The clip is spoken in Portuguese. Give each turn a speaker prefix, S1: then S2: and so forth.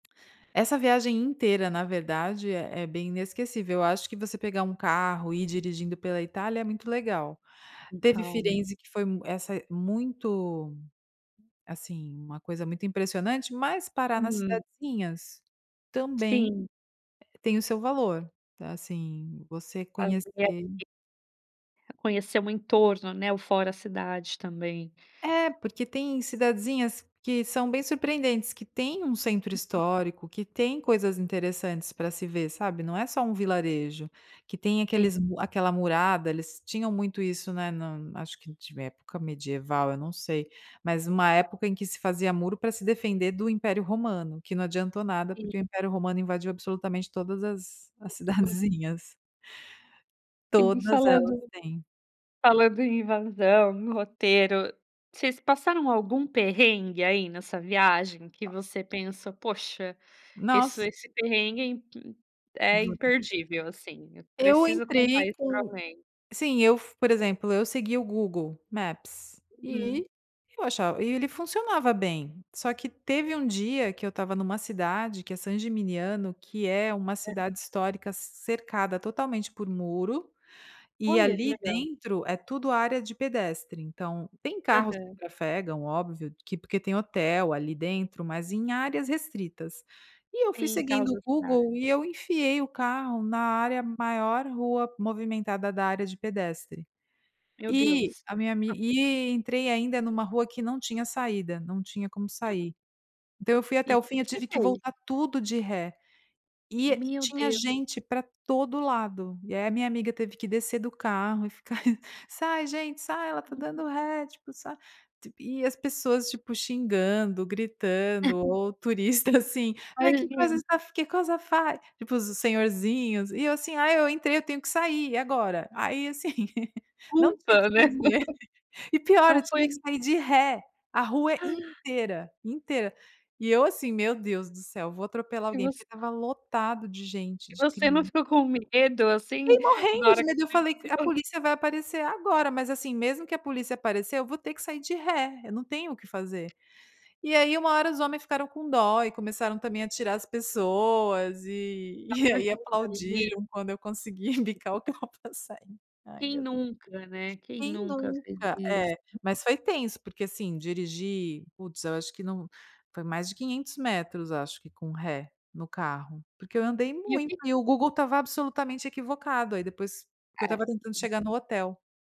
S1: Essa viagem inteira na verdade é é bem inesquecível, eu acho que você pegar 1 carro e ir dirigindo pela Itália é muito legal.
S2: Com
S1: Teve
S2: calma.
S1: Firenzi que foi essa muito, assim, uma coisa muito impressionante. Mas parar nas
S2: Uhum.
S1: cidadezinhas também
S2: Sim.
S1: tem o seu valor, assim você conhecer
S2: Fazer [unintelligible] Conhecer o entorno, né, o fora a cidade também.
S1: É, porque tem cidadezinhas que são bem surpreendentes, que tem um centro histórico, que tem coisas interessantes pra se ver, sabe, não é só um vilarejo. Que tem aqueles
S2: [unintelligible]
S1: aquela murada, eles tinham muito isso, né, na acho que de época medieval, eu não sei, mas uma época em que se fazia muro pra se defender do Império Romano. Que não adiantou nada,
S2: Sim.
S1: porque o Império Romano invadiu absolutamente todas as as
S2: [unintelligible]
S1: cidadezinhas
S2: E vi
S1: Todas elas
S2: falando
S1: têm.
S2: falando em invasão, roteiro, vocês passaram algum perrengue aí nessa viagem que você pensa: "Poxa, esse
S1: Nos
S2: esse perrengue é imp é
S1: [unintelligible]
S2: imperdível, assim, eu
S1: Eu
S2: preciso contar
S1: entrei
S2: isso pra
S1: com
S2: alguém".
S1: sim eu fu por exemplo, eu segui o Google Maps
S2: Uhum.
S1: e eu achava e ele funcionava bem, só que teve um dia que eu estava numa cidade que é Sangimignano, que é uma cidade histórica cercada totalmente por muro e
S2: Olha, que
S1: ali
S2: legal.
S1: dentro é tudo área de pedestre. Então tem carros que
S2: Aham.
S1: trafegam, óbvio que porque tem hotel ali dentro, mas em áreas restritas, e eu fui
S2: Sim,
S1: seguindo
S2: caso
S1: o
S2: [unintelligible]
S1: Google e eu enfiei o carro na área maior rua movimentada da área de pedestre.
S2: Meu
S1: E
S2: Deus!
S1: a minha ami e entrei ainda numa rua que não tinha saída, não tinha como sair. Então eu fui
S2: E
S1: até o fim, eu tive que
S2: [unintelligible]
S1: voltar tudo de ré e
S2: Meu
S1: tinha
S2: Deu
S1: gente pra todo lado. E aí a minha amiga teve que descer do carro e ficar "Sai gente, sai ela está dando ré", tipo, "sai" e as pessoas, tipo, xingando, gritando ou turista, assim, "mas que cosa
S2: Imagino.
S1: estaf che cosa fai?". Tipo os senhorzinhos e eu assim: "Ai, eu entrei eu tenho que sair e agora?". Aí assim, não tinha o que
S2: Ufa, né.
S1: fazer. E pior
S2: Não
S1: eu
S2: foi
S1: tive
S2: a
S1: que
S2: min
S1: sair de ré, a rua inteira, inteira. E eu assim: "Meu Deus do céu, vou atropelar
S2: E
S1: alguém", porque
S2: voc
S1: estava lotado de gente,
S2: E
S1: de
S2: você não
S1: crian
S2: ficou com medo, assim,
S1: Fiquei
S2: na
S1: morrendo de
S2: hora
S1: medo, eu falei: "A
S2: [unintelligible]
S1: polícia vai aparecer agora", mas, assim, mesmo que a polícia aparecer eu vou ter que sair de ré, eu não tenho o que fazer. E aí uma hora os homens ficaram com dó e começaram também a tirar as pessoas e,
S2: Dá
S1: e
S2: uma
S1: aí
S2: ajuda ai.
S1: aplaudiram quando eu consegui embicar o carro pra sair. Ai
S2: Quem
S1: meu
S2: nunca, né, quem
S1: Quem
S2: nunca fez
S1: nunca,
S2: iss
S1: é. Mas foi tenso porque, assim, dirigir, putz eu acho que não foi mais de 500 metros acho que com ré no carro, porque eu andei
S2: E o
S1: muito
S2: que
S1: e o Google estava absolutamente equivocado, aí depois porque eu estava
S2: É.
S1: tentando chegar no hotel.